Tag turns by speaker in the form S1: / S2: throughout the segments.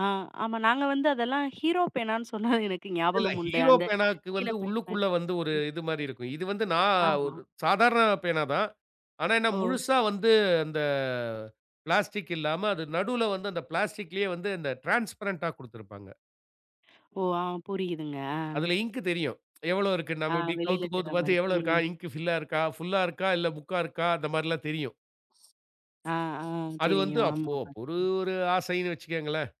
S1: ஆ, ஆமா. நாங்க வந்து அதெல்லாம் ஹீரோ பேனான்னு சொன்னா எனக்கு
S2: இல்ல.
S1: ஞாபகம் உண்டு.
S2: ஹீரோ
S1: அந்த
S2: பேனாக்கு
S1: கீழ
S2: வந்து
S1: பைப் மாரி
S2: உள்ளுக்குள்ள வந்து ஒரு
S1: ம்.
S2: இதுமாரி இருக்கும். இது வந்து நான்
S1: ஆமா.
S2: ஒரு சாதாரண பேனா தான். ஆனா என்ன,
S1: ஓ!
S2: முழுசா வந்து அந்த பிளாஸ்டிக் இல்லாம அது நடுவில வந்து அந்த பிளாஸ்டிக்லேயே வந்து இந்த டிரான்ஸ்பரன்ட்டா கொடுத்திருப்பாங்க.
S1: ஓ! ஆ. புரியுதுங்க ஆ.
S2: அதில இங்க் தெரியும். எவளோ இருக்கு.
S1: ஆ,
S2: நம்ம இப்பிடி
S1: வெளில
S2: கவுத்து, கவுத்து
S1: தெர்றமாரி.
S2: பார்த்து எவளோ இருக்கா?
S1: ம்.
S2: இங்க் ஃபில்லா இருக்கா? ஃபுல்லா இருக்கா? இல்ல முக்கா இருக்கா? அந்த மாரிலாம் தெரியும்.
S1: ஆ, ஆ.
S2: அது வந்து
S1: தெரியும்.
S2: அப்போ
S1: ஆமா,
S2: ஒரு,
S1: பாத்துருக்கேன்.
S2: ஒரு ஆசைன்னு வச்சுக்கங்களேன்!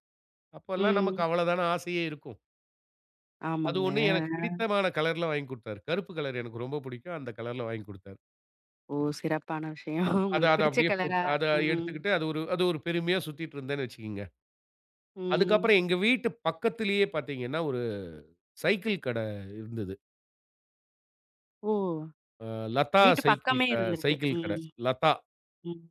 S2: அப்பல்லாம் நமக்கு
S1: ம்.
S2: அவ்வள தான ஆசையே இருக்கும். அது
S1: ஆமாங்க.
S2: ஒண்ணு எனக்குப்
S1: ஆ, ஆ.
S2: பிடித்தமான கலர்ல வாங்கிக் கொடுத்தாரு. கருப்பு கலர் எனக்கு ரொம்ப பிடிக்கும். அந்த கலர்ல வாங்கிக் கொடுத்தாரு.
S1: ஓ! சிறப்பான விஷயம்
S2: அத,
S1: உங்களுக்கு
S2: அத
S1: பிடிச்ச
S2: அப்பிடியே போட்டு
S1: கலரா
S2: அத
S1: ம், ம்.
S2: எடுத்துக்கிட்டு அது ஒரு அது ஒரு பெருமையா சுத்திட்டு இருந்தேன்னு வச்சுக்கீங்க.
S1: ம்.
S2: அதுக்கப்பறம் எங்க வீட்டு பக்கத்திலே பார்த்தீங்கன்னா, ஒரு சைக்கிள் கடை இருந்தது.
S1: ஓ!
S2: அ லதா
S1: வீட்டு
S2: சைக்கிள்
S1: பக்கமே
S2: ஆ
S1: இருந்துருக்கு.
S2: சைக்கிள் கடை
S1: ம்,
S2: லதா.
S1: ம், ம்.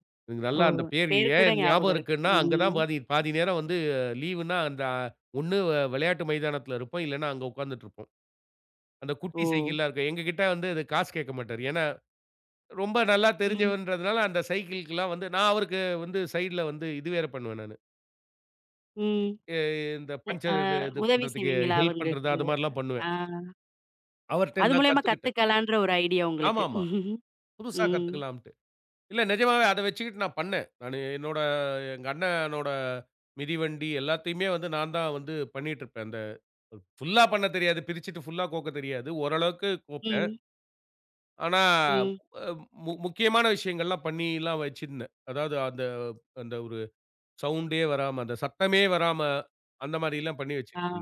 S2: நல்ல
S1: ஓ!
S2: அந்த பேரு
S1: பேர் கூட
S2: ஏன் ஞாபகம்
S1: ஞாபகம் இருக்கு.
S2: இருக்குன்னா, அங்கதான்
S1: ம்.
S2: பாதி பாதி நேரம் வந்து லீவ்னா அந்த ஒண்ணு அ விளையாட்டு மைதானத்தில இருப்போம். இல்லன்னா, அங்க உட்கார்ந்துட்டு இருப்போம். அந்த குட்டி
S1: ஓ!
S2: சைக்கிள்லாம் இருக்கும். எங்ககிட்ட வந்து காசு கேட்க மாட்டாரு. ஏன்னா, ரொம்ப நல்லா
S1: ம்.
S2: தெரிஞ்சவர்ன்றதுனால அந்த சைக்கிள்கிலாம் வந்து, நான் அவருக்கு வந்து சைட்ல வந்து இது வேற பண்ணுவேன், நானு.
S1: ம்.
S2: ஏ எ இந்த
S1: எ ஆ
S2: பங்சர் இது இது
S1: உதவி
S2: பண்றதுக்கு
S1: செய்வீங்களா
S2: ஹெல்ப் பண்றது,
S1: அவங்களுக்கு?
S2: அது மாரிலாம்
S1: ஆ.
S2: பண்ணுவேன். அவர்ட்ட
S1: அது
S2: நான்
S1: மூலியமா
S2: கத்துக்கிட்டேன்.
S1: கத்துக்கலான்ற ஒரு ஐடியா
S2: ஆமா,
S1: உங்களுக்கு
S2: ஆமா. புதுசா
S1: ம்.
S2: கத்துக்கலாம்ட்டு. இல்ல நிஜமாவே அத வச்சுக்கிட்டு நான் பண்னேன். நானு என்னோட, எங்க அண்ணனோட மிதிவண்டி எல்லாத்தையுமே வந்து நான் தான் வந்து பண்ணிட்டு இருப்பேன். அந்த ஃபுல்லா பண்ணத் தெரியாது. பிரிச்சுட்டு, புல்லா கோக்கத் தெரியாது. ஓரளவுக்கு கோப்பேன்.
S1: ம்.
S2: ஆனா,
S1: ம்.
S2: ஆ மு மு முக்கியமான விஷயங்கள்லாம் பண்ணில்லாம் வச்சிருந்தேன். அதாவது அந்த, அந்த ஒரு சவுண்ட்டே வராம அந்த சத்தமே வராம, அந்தமாரி எல்லாம் பண்ணி
S1: ஆ.
S2: வச்சிட்ருந்தேன்.